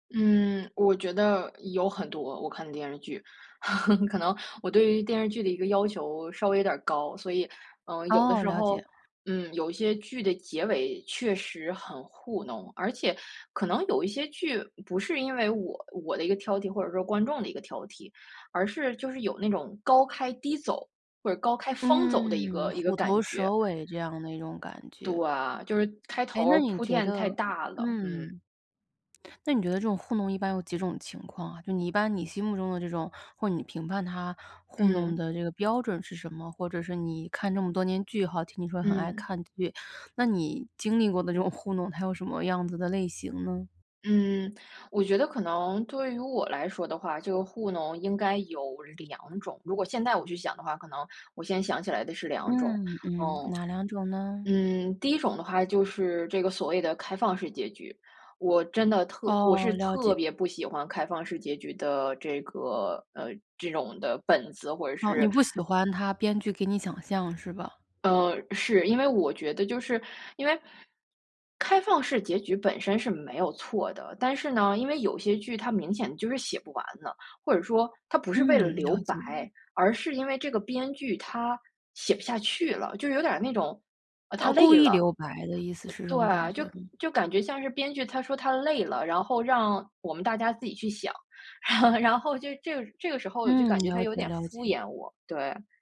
嗯，我觉得有很多，我看电视剧，可能我对于电视剧的一个要求稍微有点儿高。所以，呃，有的哦，时了候，解。嗯，有一些剧的结尾确实很糊弄，而且可能有一些剧不是因为我我的一个挑剔或者说观众的一个挑剔，而是就是有那种高开低走，或者高开方走的一嗯，个一个虎感头觉。蛇尾这样的一种感对，觉。就是开诶，头那儿你铺觉垫太得大了，嗯。嗯。那你觉得这种糊弄一般有几种情况啊，就你一般你心目中的这种或你评判他糊弄嗯。的这个标准是什么？或者是你看这么多年剧吼，听你说很爱嗯。看剧，那你经历过的这种糊弄，它有什么样子的类型呢？嗯，我觉得可能对于我来说的话，这个糊弄应该有两种，如果现在我去想的话，可能我先想起来的是两种。嗯，嗯，嗯。哪两种呢？嗯，第一种的话就是这个所谓的开放式结局，我真的特我哦，是了特解。别不喜欢开放式结局的这个呃，这种的本子，或者哦，你是不喜欢他编剧给你想象是吧？呃，是，因为我觉得就是因为开放式结局本身是没有错的，但是呢，因为有些剧它明显就是写不完了，或者说他不是为了嗯，留了白，解了。而是因为这个编剧他写不下去了，就有点儿那种，啊，哦，他故累意了。留白的意思，呃，是这种感对，觉就吗？就感觉像是编剧他说他累了，然后让我们大家自己去想，然后就这个这个时候我就嗯，感觉他了有解，点了敷解。衍我，对。